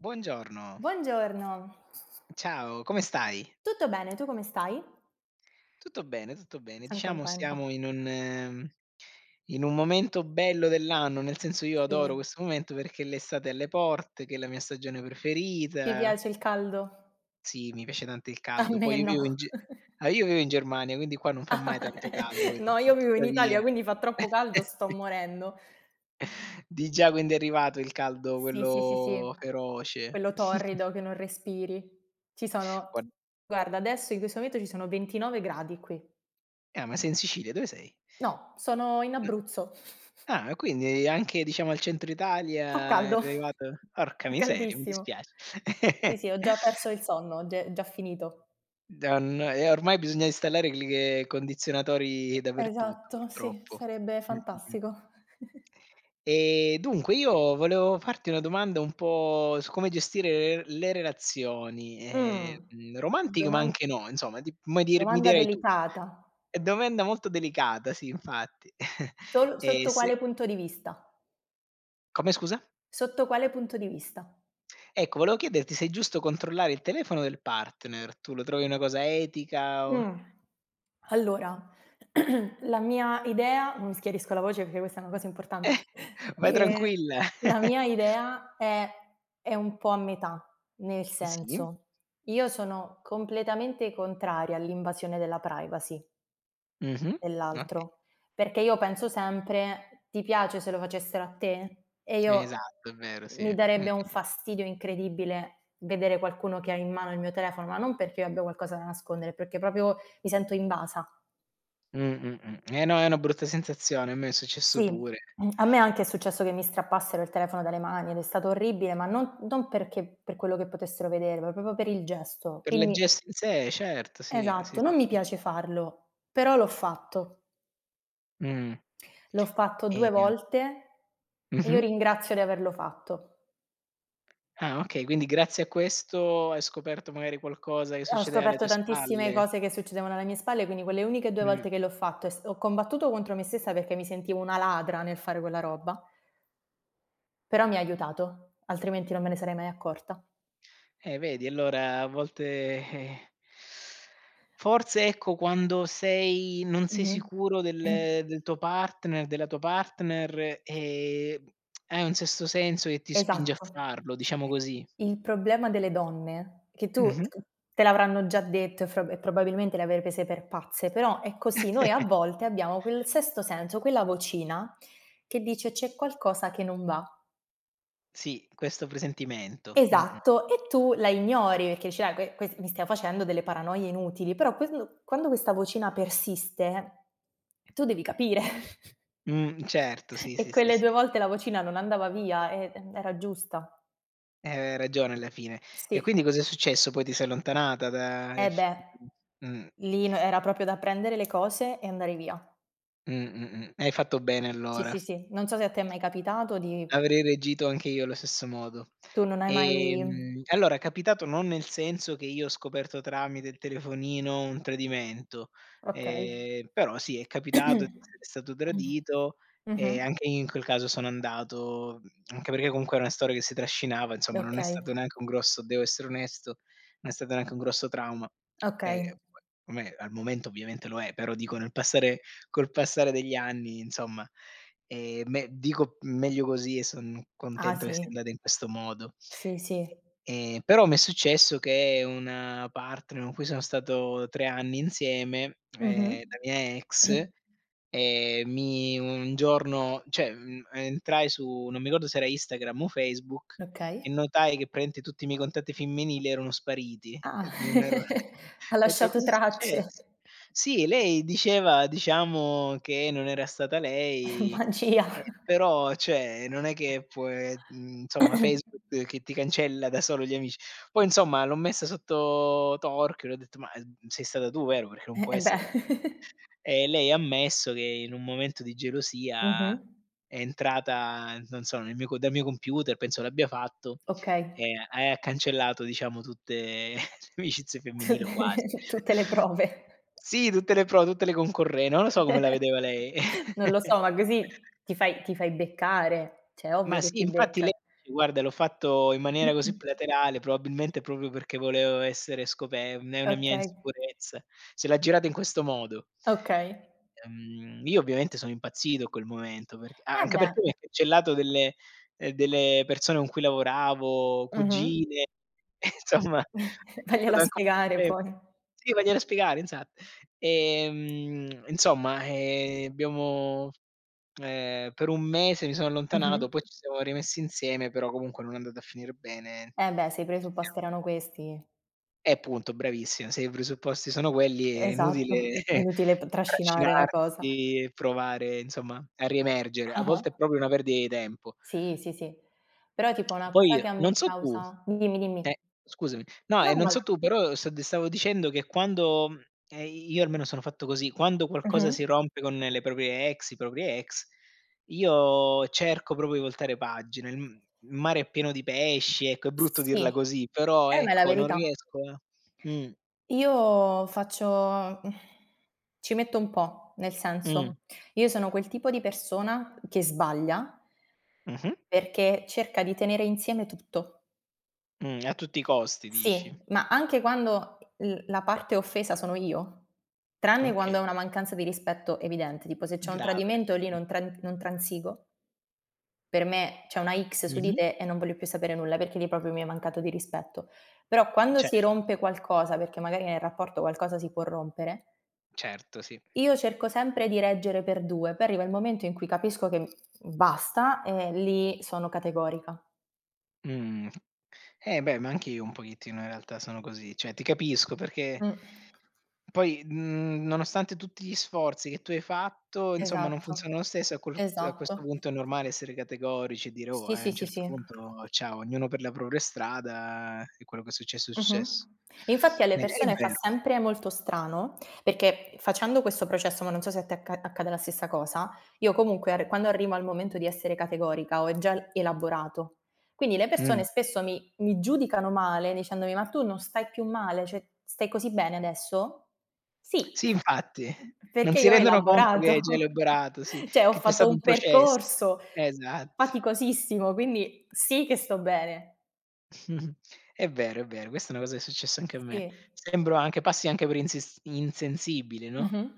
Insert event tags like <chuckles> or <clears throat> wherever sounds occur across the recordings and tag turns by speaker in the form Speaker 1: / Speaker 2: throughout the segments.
Speaker 1: Buongiorno.
Speaker 2: Buongiorno.
Speaker 1: Ciao, come stai?
Speaker 2: Tutto bene, tu come stai?
Speaker 1: Tutto bene, tutto bene,
Speaker 2: Son
Speaker 1: diciamo
Speaker 2: contenta.
Speaker 1: siamo in un in un momento bello dell'anno, nel senso io adoro
Speaker 2: Sì.
Speaker 1: questo momento perché l'estate è alle porte, che è la mia stagione
Speaker 2: Ti
Speaker 1: preferita
Speaker 2: piace il caldo?
Speaker 1: Sì, mi piace tanto il
Speaker 2: A
Speaker 1: caldo. Poi
Speaker 2: me
Speaker 1: io
Speaker 2: no.
Speaker 1: vivo in G
Speaker 2: <chuckles>
Speaker 1: ah, io vivo in Germania, quindi qua non fa mai tanto
Speaker 2: <laughs>
Speaker 1: caldo vedi,
Speaker 2: No, io vivo in Italia,
Speaker 1: tuttavia.
Speaker 2: quindi fa troppo caldo, sto
Speaker 1: <laughs>
Speaker 2: morendo.
Speaker 1: Di già, quindi è arrivato il caldo,
Speaker 2: Sì, sì, sì,
Speaker 1: quello
Speaker 2: sì.
Speaker 1: feroce.
Speaker 2: Quello
Speaker 1: <chuckles>
Speaker 2: torrido che non respiri. Ci sono
Speaker 1: Gua
Speaker 2: guarda adesso in questo momento ci sono 29 gradi qui.
Speaker 1: Ah, ma sei in Sicilia, dove sei?
Speaker 2: No, sono in Abruzzo. <chuckles>
Speaker 1: Ah, quindi anche diciamo al centro
Speaker 2: Fa
Speaker 1: Italia è
Speaker 2: caldo, <chuckles>
Speaker 1: arrivato. Orca
Speaker 2: fa
Speaker 1: miseria, mi
Speaker 2: caldissimo.
Speaker 1: dispiace.
Speaker 2: Sì, sì, ho già perso
Speaker 1: <laughs>
Speaker 2: il sonno, ge già finito.
Speaker 1: Da n eh, ormai bisogna installare i cli ehm, condizionatori dappertutto,
Speaker 2: Esatto. Sì,
Speaker 1: purtroppo.
Speaker 2: sarebbe
Speaker 1: Mh-mh-mh.
Speaker 2: fantastico. <chuckles>
Speaker 1: Ehm, dunque io volevo farti una domanda un po' su come gestire l le relazioni,
Speaker 2: Mhmm,
Speaker 1: ehm, romantiche ma
Speaker 2: doman
Speaker 1: anche no, insomma ti mi dir mi
Speaker 2: domanda
Speaker 1: dirai tu.
Speaker 2: delicata.
Speaker 1: Domanda molto delicata sì, infatti. <chuckles>
Speaker 2: Sol
Speaker 1: Eh
Speaker 2: sotto
Speaker 1: s
Speaker 2: quale punto di vista?
Speaker 1: Come scusa?
Speaker 2: Sotto quale punto di vista?
Speaker 1: Ecco, volevo chiederti se è giusto controllare il telefono del partner, tu lo trovi una cosa etica o
Speaker 2: Mh. Allora <clears throat> la mia idea, mi schiarisco la voce perché questa è una cosa
Speaker 1: Eh,
Speaker 2: importante <chuckles>
Speaker 1: vai
Speaker 2: ehm,
Speaker 1: tranquilla!
Speaker 2: la mia
Speaker 1: <chuckles>
Speaker 2: idea è è un po' a metà, nel
Speaker 1: Sì.
Speaker 2: senso, io sono completamente contraria all'invasione della privacy
Speaker 1: Mh-mh. Ok
Speaker 2: dell'altro, perché io penso sempre: "Ti piace se lo facessero a te?" E io
Speaker 1: Esatto. È vero. Sì,
Speaker 2: mi darebbe un
Speaker 1: mh-mh.
Speaker 2: fastidio incredibile vedere qualcuno che ha in mano il mio telefono, ma non perché io abbia qualcosa da nascondere, perché proprio mi sento invasa.
Speaker 1: Mh-mh-mh. Eh no, è una brutta sensazione. A me è successo
Speaker 2: Sì,
Speaker 1: pure.
Speaker 2: a me anche è successo che mi strappassero il telefono dalle mani ed è stato orribile, ma non non perché, per quello che potessero vedere, ma proprio per il gesto,
Speaker 1: Per le
Speaker 2: quindi
Speaker 1: gest se, certo. Sì, sì,
Speaker 2: Esatto, non mi
Speaker 1: sì, sì.
Speaker 2: piace farlo, però l'ho fatto.
Speaker 1: Mh.
Speaker 2: L'ho fatto due
Speaker 1: Ehm
Speaker 2: volte e io
Speaker 1: Mh-mh.
Speaker 2: ringrazio di averlo fatto.
Speaker 1: Ah, okay. Quindi grazie a questo, hai scoperto magari qualcosa che
Speaker 2: Ho
Speaker 1: succedeva alle
Speaker 2: scoperto
Speaker 1: tue
Speaker 2: tantissime
Speaker 1: spalle.
Speaker 2: cose che succedevano alle mie spalle, quindi quelle uniche 2
Speaker 1: Mh.
Speaker 2: volte che l'ho fatto è s ho combattuto contro me stessa perché mi sentivo una ladra nel fare quella roba. Però mi ha aiutato, altrimenti non me ne sarei mai accorta.
Speaker 1: Eh vedi allora a volte eh forse ecco, quando sei non sei
Speaker 2: Mh-mh.
Speaker 1: sicuro del
Speaker 2: <clears throat>
Speaker 1: del tuo partner, della tua partner, ehm, <smacks lips> è un sesto senso che ti spinge a
Speaker 2: Esatto.
Speaker 1: farlo, diciamo così.
Speaker 2: Il problema delle donne, che tu
Speaker 1: Mh-mh.
Speaker 2: te l'avranno già detto e fro e probabilmente le avrei prese per pazze, però è così, noi a
Speaker 1: <chuckles>
Speaker 2: volte abbiamo quel sesto senso, quella vocina che dice: "C'è qualcosa che non va."
Speaker 1: Sì, questo presentimento. Mh-mh.
Speaker 2: Esatto, e tu la ignori perché dici: "Dai que que mi stavo facendo delle paranoie inutili". Però quend quando questa vocina persiste, tu devi capire. <chuckles>
Speaker 1: Mh. Certo. Sì,
Speaker 2: E
Speaker 1: sì, sì,
Speaker 2: quelle
Speaker 1: sì.
Speaker 2: 2 volte la vocina non andava via, eh, mh, era giusta.
Speaker 1: Ehm, aveva ragione alla fine. E
Speaker 2: Sì.
Speaker 1: quindi cos'è successo? Poi ti sei allontanata da
Speaker 2: Eh
Speaker 1: ef
Speaker 2: beh,
Speaker 1: <unintelligible> mh.
Speaker 2: lì n era proprio da prendere le cose e andare via.
Speaker 1: Mh, mh, mh. Hai fatto bene,
Speaker 2: Sì,
Speaker 1: allora.
Speaker 2: sì, sì, non so se a te è mai capitato di
Speaker 1: Avrei reagito anche io allo stesso modo.
Speaker 2: Tu non hai mai
Speaker 1: Ehm, allora è capitato, non nel senso che io ho scoperto tramite il telefonino un tradimento.
Speaker 2: Okay.
Speaker 1: Ehm, però sì, è capitato di
Speaker 2: <clears throat>
Speaker 1: essere stato tradito e
Speaker 2: Mh-mh.
Speaker 1: anche in quel caso sono andato anche perché comunque è una storia che si trascinava insomma, non è
Speaker 2: Okay.
Speaker 1: stato neanche un grosso devo essere onesto non è stato neanche un grosso trauma.
Speaker 2: Okay.
Speaker 1: Ehm,, <unintelligible> al momento ovviamente lo è. Però dico nel passare col passare degli anni, insomma, ehm, me dico meglio così e sono
Speaker 2: Ah,
Speaker 1: contento che
Speaker 2: sì.
Speaker 1: sia andata in questo modo.
Speaker 2: Sì, sì.
Speaker 1: Eh, ehm, però m'è successo che una partner con cui sono stato 3 anni insieme, uhm,
Speaker 2: Mh-mh.
Speaker 1: la mia ex,
Speaker 2: <clears throat>
Speaker 1: uhm, mi un giorno cioè ehm, entrai su, non mi ricordo se era Instagram o Facebook,
Speaker 2: Okay.
Speaker 1: e notai che praticamente tutti i miei contatti femminili erano spariti
Speaker 2: Ah.
Speaker 1: e non ero <chuckles>
Speaker 2: <giggles> Ha
Speaker 1: ho detto:
Speaker 2: lasciato
Speaker 1: "Cosa è
Speaker 2: tracce.
Speaker 1: successo?" Sì, lei diceva diciamo che non era stata lei.
Speaker 2: Magia.
Speaker 1: Eh, però, cioè, non è che può e mhmm, insomma
Speaker 2: <clears throat>
Speaker 1: Facebook che ti cancella da solo gli amici. Poi insomma l'ho messa sotto torchio e le ho detto: "Ma, ehm, sei stata tu, vero? Perché non
Speaker 2: Eh,
Speaker 1: può
Speaker 2: eh beh.
Speaker 1: essere altrimenti."
Speaker 2: <giggles>
Speaker 1: E lei ha ammesso che in un momento di gelosia,
Speaker 2: Mh-mh.
Speaker 1: è entrata, non so, nel mio co dal mio computer penso l'abbia fatto,
Speaker 2: Okay.
Speaker 1: e ha e ha cancellato diciamo tutte <chuckles> le amicizie femminili o quasi.
Speaker 2: Tutte tutte le prove.
Speaker 1: <chuckles> Sì, tutte le pro tutte le concorren non lo so come la
Speaker 2: <giggles>
Speaker 1: vedeva lei.
Speaker 2: Non lo
Speaker 1: <giggles>
Speaker 2: so. Ma così ti fai ti fai beccare, cioè è
Speaker 1: Ma
Speaker 2: ovvio che
Speaker 1: sì,
Speaker 2: ti
Speaker 1: infatti lei
Speaker 2: becca.
Speaker 1: dice: "Guarda l'ho fatto in maniera così
Speaker 2: <clears throat>
Speaker 1: plateale, probabilmente proprio perché volevo essere scope è una mia
Speaker 2: Okay.
Speaker 1: insicurezza" Se l'ha girata in questo modo.
Speaker 2: Okay.
Speaker 1: Uhm, io ovviamente sono impazzito in quel momento perché
Speaker 2: Eh
Speaker 1: anche
Speaker 2: beh.
Speaker 1: perché mi ha cancellato delle delle persone con cui lavoravo,
Speaker 2: Mh-mh.
Speaker 1: cugine, insomma.
Speaker 2: <chuckles> Vaglielo a spiegare
Speaker 1: <unintelligible>
Speaker 2: poi.
Speaker 1: Sì, vaglielo a spiegare, esa ehm, insomma, ehm, abbiamo ehm, per un mese mi sono
Speaker 2: Mh-mh.
Speaker 1: allontanato, poi ci siamo rimessi insieme, però comunque non è andata a finire bene,
Speaker 2: Eh beh, se i
Speaker 1: ci
Speaker 2: presupposti erano
Speaker 1: siamo
Speaker 2: questi
Speaker 1: Eh, punto, bravissima, se i presupposti sono quelli è
Speaker 2: Esatto.
Speaker 1: inutile
Speaker 2: È
Speaker 1: <chuckles>
Speaker 2: inutile t trascinare la cosa.
Speaker 1: trascinarsi e provare insomma a riemergere, a volte è
Speaker 2: Ah-ah.
Speaker 1: proprio una perdita di tempo.
Speaker 2: Sì, sì, sì. Però tipo una
Speaker 1: Poi
Speaker 2: cosa che a me
Speaker 1: non so tu
Speaker 2: causa dimmi
Speaker 1: eh
Speaker 2: dimmi
Speaker 1: scusami. No, ehm, non so tu
Speaker 2: <unintelligible>
Speaker 1: però st ti stavo dicendo che quando ehm, io almeno sono fatto così, quando qualcosa si
Speaker 2: Mh-mh.
Speaker 1: rompe con le proprie ex, i propri ex, io cerco proprio di voltare pagine. Il mare è pieno di pesci. Ecco, è brutto
Speaker 2: Sì,
Speaker 1: dirla così, però
Speaker 2: eh, ma è la
Speaker 1: ecco, non
Speaker 2: verità.
Speaker 1: riesco a Mh
Speaker 2: Io faccio <sighs> ci metto un po', nel senso,
Speaker 1: Mh.
Speaker 2: io sono quel tipo di persona che sbaglia
Speaker 1: Mh-mh.
Speaker 2: perché cerca di tenere insieme tutto.
Speaker 1: Mh, a tutti i costi, dici?
Speaker 2: Sì, ma anche quando l la parte offesa sono io, tranne
Speaker 1: Okay.
Speaker 2: quando è una mancanza di rispetto evidente, tipo se c'è un
Speaker 1: Grave.
Speaker 2: tradimento lì
Speaker 1: Mh.
Speaker 2: non tran non transigo. Per me c'è una X su di
Speaker 1: Mh-mh.
Speaker 2: te e non voglio più sapere nulla, perché lì proprio mi hai mancato di rispetto. Però, quando si
Speaker 1: Certo.
Speaker 2: rompe qualcosa, perché magari nel rapporto qualcosa si può rompere
Speaker 1: Certo, sì.
Speaker 2: io cerco sempre di reggere per due, poi arriva il momento in cui capisco che basta, e lì sono categorica.
Speaker 1: Mhmm. Eh beh, ma anche io un pochettino, in realtà, sono così. Cioè, ti capisco perché
Speaker 2: Mh.
Speaker 1: poi, n nonostante tutti gli sforzi che tu hai fatto, insomma, non
Speaker 2: Esatto,
Speaker 1: funziona lo stesso a quolut a questo
Speaker 2: esatto.
Speaker 1: punto, è normale essere categorici e dire: "Oh!
Speaker 2: Sì,
Speaker 1: e, a
Speaker 2: sì,
Speaker 1: n'
Speaker 2: sì,
Speaker 1: cert
Speaker 2: sì.
Speaker 1: punto ciao, ognuno per la propria strada e quello che è successo, è
Speaker 2: Mh-mh.
Speaker 1: successo."
Speaker 2: E infatti alle
Speaker 1: Eh, è
Speaker 2: persone fa
Speaker 1: vero.
Speaker 2: sempre molto strano, perché facendo questo processo, ma non so se a te acca accade la stessa cosa, io comunque arr quando arrivo al momento di essere categorica, ho e gial elaborato. Quindi, le persone
Speaker 1: Mh.
Speaker 2: spesso mi mi giudicano male, dicendomi: "Ma tu non stai più male? Cioè, stai così bene adesso?" "Sì"
Speaker 1: Sì, infatti.
Speaker 2: <chuckles>
Speaker 1: Non
Speaker 2: perché
Speaker 1: si
Speaker 2: io ho
Speaker 1: rendono conto che
Speaker 2: elaborato,
Speaker 1: hai già
Speaker 2: <chuckles>
Speaker 1: elaborato sì,
Speaker 2: cioè ho
Speaker 1: che c'è
Speaker 2: fatto
Speaker 1: stato un
Speaker 2: un
Speaker 1: processo,
Speaker 2: percorso
Speaker 1: esatt
Speaker 2: faticosissimo, quindi sì che sto bene!
Speaker 1: Mh-mh. È vero, è vero, questa è una cosa che è successa anche a me.
Speaker 2: Sì.
Speaker 1: Sembro anche passi anche per insis insensibile, no,
Speaker 2: Mh-mh.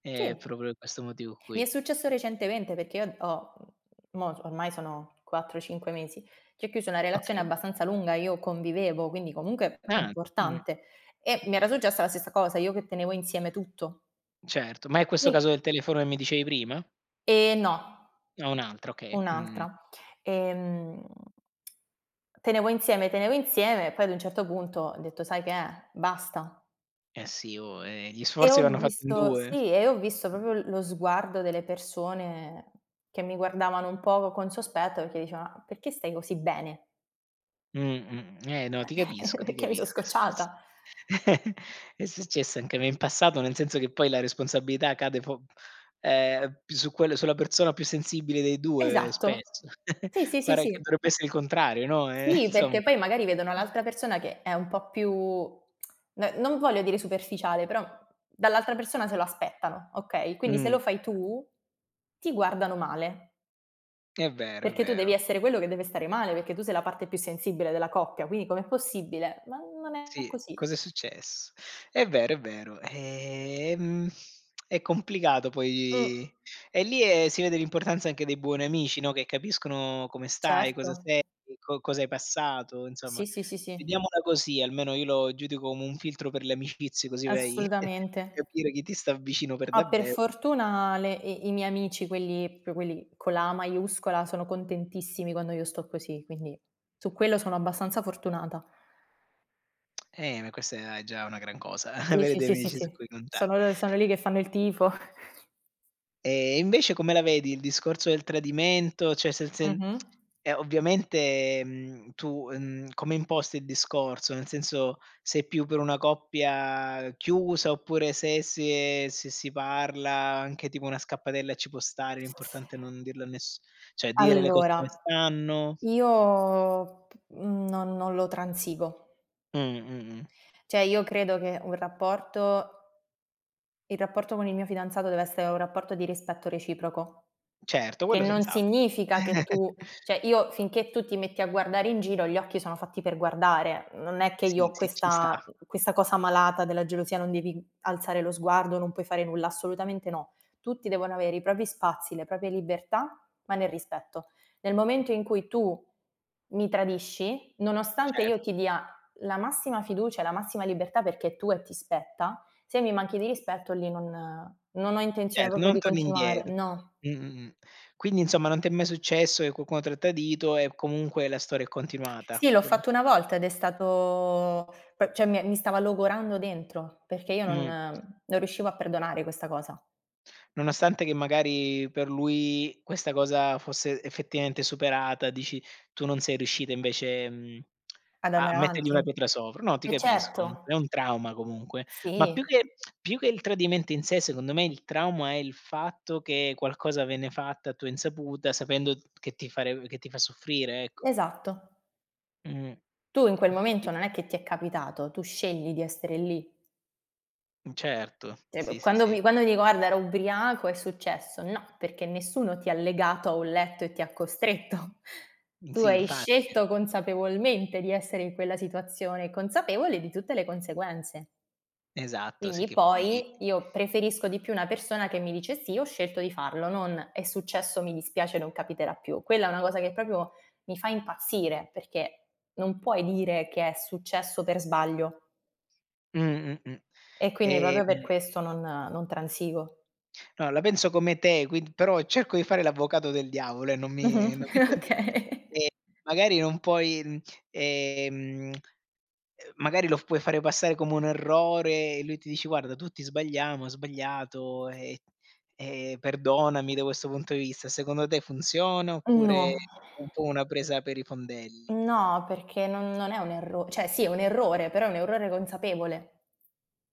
Speaker 1: ehm,
Speaker 2: Sì.
Speaker 1: proprio pe questo motivo
Speaker 2: Mi è
Speaker 1: qui.
Speaker 2: successo recentemente perché io ho mo s ormai sono 4, 5 mesi che ho chiuso una relazione
Speaker 1: Okay.
Speaker 2: abbastanza lunga, io convivevo, quindi comunque
Speaker 1: Ah! Mh-mh.
Speaker 2: importante, e mi era successa la stessa cosa, io che tenevo insieme tutto.
Speaker 1: Certo. Ma è questo caso
Speaker 2: Sì.
Speaker 1: del telefono che mi dicevi prima?
Speaker 2: Ehm, no.
Speaker 1: O un altro, okay. Mh, mh, mh.
Speaker 2: Un'altra. Ehm. <clicks tongue> Tenevo insieme, tenevo insieme, poi ad un certo punto ho detto: "Sai che è, basta."
Speaker 1: Eh, sì, oh, eh, gli
Speaker 2: E
Speaker 1: sforzi
Speaker 2: ho
Speaker 1: vanno fatti in
Speaker 2: visto
Speaker 1: 2.
Speaker 2: sì, e ho visto proprio l lo sguardo delle persone che mi guardavano un poco con sospetto, perché dicevano: "Ma perché stai così bene?"
Speaker 1: Mh, mh. Eh no, ti capisco,
Speaker 2: <chuckles>
Speaker 1: ti
Speaker 2: "perché mi so
Speaker 1: capisco, è success
Speaker 2: scocciata."
Speaker 1: <chuckles> è successo anche a me in passato, nel senso che poi la responsabilità cade po ehm, più su quello sulla persona più sensibile dei 2
Speaker 2: Esatto.
Speaker 1: spesso. <chuckles>
Speaker 2: Sì, sì, sì,
Speaker 1: Pare che
Speaker 2: sì.
Speaker 1: dovrebbe essere il contrario, no, eh,
Speaker 2: Snì,
Speaker 1: insomma.
Speaker 2: perché poi magari vedono l'altra persona che è un po' più <tsk> n non voglio dire superficiale, però, dall'altra persona se lo aspettano, okay, quindi se
Speaker 1: Mh.
Speaker 2: lo fai tu, ti guardano male.
Speaker 1: È vero, è
Speaker 2: Perché tu devi
Speaker 1: vero.
Speaker 2: essere quello che deve stare male, perché tu sei la parte più sensibile della coppia, quindi com'è possibile? Ma non è
Speaker 1: Sì,
Speaker 2: così.
Speaker 1: cos'è success È vero, è vero. Ehm, è complicato
Speaker 2: Mh.
Speaker 1: poi, e lì, ehm, si vede l'importanza anche dei buoni amici, no, che capiscono come stai, cosa
Speaker 2: Certo.
Speaker 1: sei, co cosa hai passato, insomma,
Speaker 2: Sì, sì, sì, sì.
Speaker 1: vediamola così. Almeno io lo giudico come un filtro per le amicizie, così vai <chuckles> a
Speaker 2: Assolutamente.
Speaker 1: capire chi ti sta vicino per
Speaker 2: Ah, per
Speaker 1: davvero.
Speaker 2: fortuna le i i miei amici, quelli, più quelli con la A maiuscola, sono contentissimi quando io sto così, quindi su quello sono abbastanza fortunata.
Speaker 1: Eh, ma questa è già una gran cosa,
Speaker 2: Sì,
Speaker 1: <chuckles> avere
Speaker 2: sì,
Speaker 1: dei
Speaker 2: sì, sì,
Speaker 1: amici su
Speaker 2: sì.
Speaker 1: cui conta
Speaker 2: Sono l sono lì che fanno il tifo. <chuckles>
Speaker 1: Ehm, invece come la vedi il discorso del tradimento? Cioè, se il sen
Speaker 2: Mh-mh.
Speaker 1: e ovviamente, mhmm, tu, ehm, come imposti il discorso? Nel senso, sei più per una coppia chiusa oppure se si ehm, se si parla anche tipo una scappatella ci può stare, l'importante è non dirlo a ness cioè, dire le cose come
Speaker 2: Allora,
Speaker 1: stanno.
Speaker 2: io p mhmm, non non lo transigo.
Speaker 1: Mh, mh, mh.
Speaker 2: Cioè io credo che un rapporto il rapporto con il mio fidanzato deve essere un rapporto di rispetto reciproco,
Speaker 1: Certo,
Speaker 2: che
Speaker 1: quello
Speaker 2: non
Speaker 1: senz'altro.
Speaker 2: significa che tu
Speaker 1: <chuckles>
Speaker 2: cioè io finché tu ti metti a guardare in giro, gli occhi sono fatti per guardare, non è che io
Speaker 1: Sì,
Speaker 2: ho
Speaker 1: sì, ci
Speaker 2: questa
Speaker 1: sta.
Speaker 2: questa cosa malata della gelosia, non devi alzare lo sguardo, non puoi fare nulla, assolutamente no. Tutti devono avere i propri spazi, le proprie libertà, ma nel rispetto. Nel momento in cui tu, mi tradisci, nonostante
Speaker 1: Cer
Speaker 2: io ti dia la massima fiducia, e la massima libertà perché è tua e ti spetta, se mi manchi di rispetto lì non non ho intenzione
Speaker 1: Cer
Speaker 2: proprio
Speaker 1: non
Speaker 2: di
Speaker 1: torni
Speaker 2: continuare
Speaker 1: indietro.
Speaker 2: no.
Speaker 1: Mh-mh, mh. Quindi insomma, non ti è mai successo che qualcuno tra tradito e comunque la storia è
Speaker 2: <tsk>
Speaker 1: continuata,
Speaker 2: Sì l'ho
Speaker 1: quello
Speaker 2: fatto una volta ed è stato p cioè mi mi stava logorando dentro, perché io non
Speaker 1: Mh.
Speaker 2: non riuscivo a perdonare questa cosa.
Speaker 1: Nonostante che magari per lui, questa cosa fosse effettivamente superata, dici tu non sei riuscita invece, ehm,
Speaker 2: Ad
Speaker 1: a
Speaker 2: andare
Speaker 1: mettergli una
Speaker 2: avanti
Speaker 1: pietra sopra no, ti
Speaker 2: eh
Speaker 1: capisco
Speaker 2: certo.
Speaker 1: comunque, è un trauma comunque. Ma più
Speaker 2: Sì.
Speaker 1: che più che il tradimento in sé, secondo me il trauma, è il fatto che qualcosa viene fatto a tua insaputa, sapendo che ti far che ti fa soffrire ecc
Speaker 2: Esatto.
Speaker 1: Mh.
Speaker 2: Tu in quel
Speaker 1: Ma quindi
Speaker 2: momento non è che ti è capitato, tu scegli di essere lì.
Speaker 1: Mh, certo.
Speaker 2: Cioè
Speaker 1: Sì,
Speaker 2: p
Speaker 1: sì,
Speaker 2: quando
Speaker 1: sì.
Speaker 2: mi quando dico: "Guarda era ubriaco, è successo", no, perché nessuno ti ha legato a un letto e ti ha costretto.
Speaker 1: Mh,
Speaker 2: Tu
Speaker 1: sì,
Speaker 2: hai
Speaker 1: infatti.
Speaker 2: scelto consapevolmente di essere in quella situazione, consapevole di tutte le conseguenze.
Speaker 1: Esatto. Sì
Speaker 2: Quindi
Speaker 1: che poi
Speaker 2: poi, io preferisco di più una persona che mi dice: "Sì, ho scelto di farlo"; non: "È successo, mi dispiace, non capiterà più". Quella è una cosa che proprio mi fa impazzire perché, non puoi dire che è successo per sbaglio
Speaker 1: Mh-mh, mh.
Speaker 2: E quindi proprio per
Speaker 1: Ehm
Speaker 2: questo non non transigo.
Speaker 1: No, la penso come te, quind però, cerco di fare l'avvocato del diavolo, ehm, non
Speaker 2: Mh-mh.
Speaker 1: mi non mi
Speaker 2: Eh
Speaker 1: prende
Speaker 2: okay. <chuckles>
Speaker 1: ehm, magari non puoi ehm, <smacks lips> uhm, magari lo f puoi fare passare come un errore e lui ti dice: "Guarda tutti sbagliamo, ho sbagliato, ehm ehm, perdonami da questo punto di vista". Secondo te funziona,
Speaker 2: Mhmm,
Speaker 1: oppure è
Speaker 2: No. <sighs>
Speaker 1: <unintelligible> po' una presa per i fondelli?
Speaker 2: No, perché non non è un erro cioè sì è un errore, però è un errore consapevole.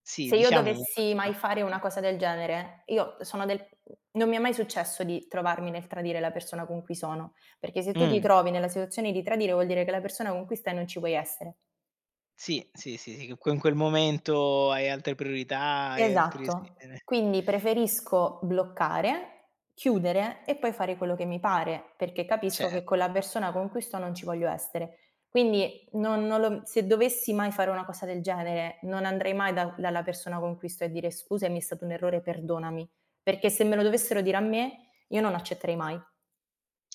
Speaker 1: Sì,
Speaker 2: Se io
Speaker 1: diciamo
Speaker 2: dovessi mai fare una
Speaker 1: <unintelligible>
Speaker 2: cosa del genere, io sono del mhmm, non mi è mai successo di trovarmi nel tradire la persona con cui sono, perché se tu ti
Speaker 1: Mh.
Speaker 2: trovi nella situazione di tradire vuol dire che la persona con cui stai non ci vuoi essere.
Speaker 1: Sì, sì, sì, sì, che in quel in quel momento hai altre priorità, hai altri
Speaker 2: Esatto.
Speaker 1: <unintelligible>
Speaker 2: Quindi preferisco bloccare, chiudere e poi fare quello che mi pare, perché capisco
Speaker 1: Cer
Speaker 2: che con la persona con cui sto non ci voglio essere. Quindi non non lo se dovessi mai fare una cosa del genere, non andrei mai da dalla persona con cui sto a dire: "Scusami, è stato un errore, perdonami." Perché se me lo dovessero dire a me, io non accetterei mai.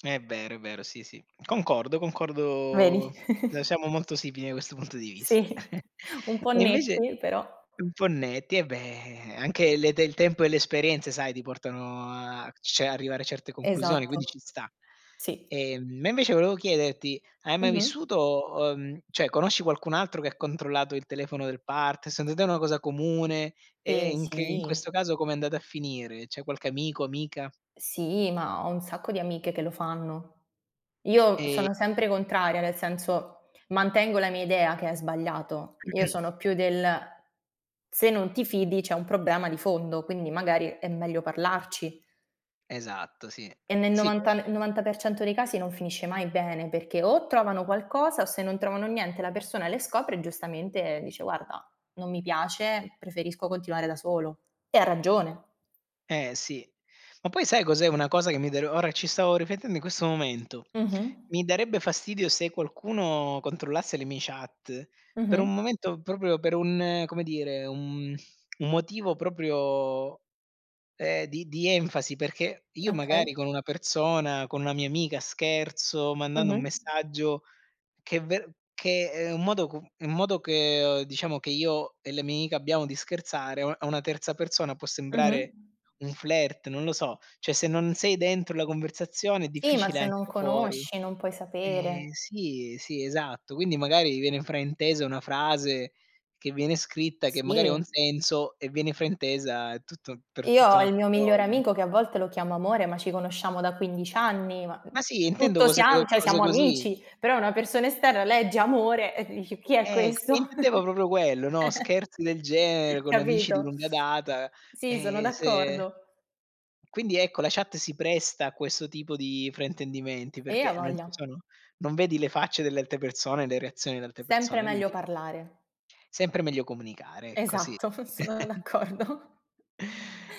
Speaker 1: È vero, è vero. Sì, sì, concordo, concordo
Speaker 2: Vedi?
Speaker 1: ehm,
Speaker 2: <giggles>
Speaker 1: siamo molto simili da questo punto di vista.
Speaker 2: Sì,
Speaker 1: <chuckles>
Speaker 2: un po'
Speaker 1: E invece
Speaker 2: netti però
Speaker 1: un po' netti, eh, beh, anche le te il tempo e le esperienze, sai, ti portano a cioè arrivare a certe conclusioni, quindi
Speaker 2: Esatto.
Speaker 1: ci sta.
Speaker 2: Sì.
Speaker 1: Ehm, ma invece volevo chiederti, hai mai
Speaker 2: Mh-mh.
Speaker 1: vissuto uhm, cioè conosci qualcun altro che ha controllato il telefono del part Secondo te è una cosa comune e
Speaker 2: Ehm,
Speaker 1: in che in
Speaker 2: sì.
Speaker 1: questo caso com'è andata a finire? C'è qualche amico, amica?
Speaker 2: Sì, ma ho un sacco di amiche che lo fanno. Io
Speaker 1: Ehm
Speaker 2: sono sempre contraria, nel senso, mantengo la mia idea che è sbagliato. Io
Speaker 1: <clears throat>
Speaker 2: sono più del: "Se non ti fidi c'è un problema di fondo, quindi magari è meglio parlarci."
Speaker 1: Esatto, sì,
Speaker 2: E nel
Speaker 1: sì coe
Speaker 2: novanta n novanta per cento dei casi non finisce mai bene, perché o trovano qualcosa o, se non trovano niente, la persona le scopre e giustamente dice: “Guarda, non mi piace, preferisco continuare da solo;” e ha ragione.
Speaker 1: Eh, sì, ma poi sai cos'è una cosa che mi dare ora ci stavo riflettendo in questo momento.
Speaker 2: Mh-mh.
Speaker 1: Mi darebbe fastidio se qualcuno controllasse le mie chat per
Speaker 2: Mh-mh.
Speaker 1: un momento, proprio per un come dire, un <sighs> <tsk> un motivo proprio, ehm, di di enfasi, perché io
Speaker 2: Okay.
Speaker 1: magari con una persona, con una mia amica, scherzo mandando un
Speaker 2: Mh-mh.
Speaker 1: messaggio che è ver che è un modo com un modo che uhm, diciamo che io e le mia amica abbiamo di scherzare, a a una terza persona può
Speaker 2: Mh-mh.
Speaker 1: sembrare un flirt, non lo so, cioè, se non sei dentro la conversazione, è
Speaker 2: Sì, ma
Speaker 1: difficile
Speaker 2: se
Speaker 1: anche
Speaker 2: non
Speaker 1: da fuori.
Speaker 2: conosci non puoi sapere.
Speaker 1: Eh, sì, sì, esatto, quindi magari viene fraintesa una frase che viene scritta, che magari ha un
Speaker 2: Sì.
Speaker 1: senso, e viene fraintesa, è tutto per
Speaker 2: Io
Speaker 1: tutta
Speaker 2: ho
Speaker 1: un'alt
Speaker 2: il mio migliore
Speaker 1: cose.
Speaker 2: amico che a volte lo chiamo amore, ma ci conosciamo da 15 anni, ma, ehm,
Speaker 1: Ma sì, intendo
Speaker 2: tutto
Speaker 1: cose co
Speaker 2: siam cioè,
Speaker 1: cose
Speaker 2: siamo
Speaker 1: così.
Speaker 2: amici, però una persona esterna legge amore e dice: “Chi è
Speaker 1: Eh, c e
Speaker 2: questo?”
Speaker 1: intendevo proprio quello, no,
Speaker 2: <chuckles>
Speaker 1: scherzi del genere con amici di
Speaker 2: Capito?
Speaker 1: lunga data,
Speaker 2: Sì, sono
Speaker 1: e se
Speaker 2: d'accordo.
Speaker 1: Quindi, ecco, la chat si presta a questo tipo di fraintendimenti
Speaker 2: Eh,
Speaker 1: perché non ci
Speaker 2: a'voglia.
Speaker 1: sono, non vedi le facce delle altre persone e le reazioni le altre
Speaker 2: Sempre
Speaker 1: persone,
Speaker 2: meglio
Speaker 1: quindi.
Speaker 2: parlare.
Speaker 1: Sempre meglio comunicare, ecco, sì.
Speaker 2: Esatto, <chuckles> sono
Speaker 1: <chuckles>
Speaker 2: d'accordo.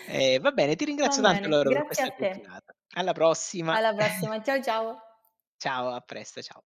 Speaker 1: E va bene. Ti
Speaker 2: Va
Speaker 1: ringrazio tanto,
Speaker 2: bene,
Speaker 1: allora, per
Speaker 2: grazie
Speaker 1: questa
Speaker 2: a te.
Speaker 1: chiacchierata. Alla prossima.
Speaker 2: Alla
Speaker 1: <chuckles>
Speaker 2: prossima, ciao, ciao.
Speaker 1: Ciao, a presto, ciao.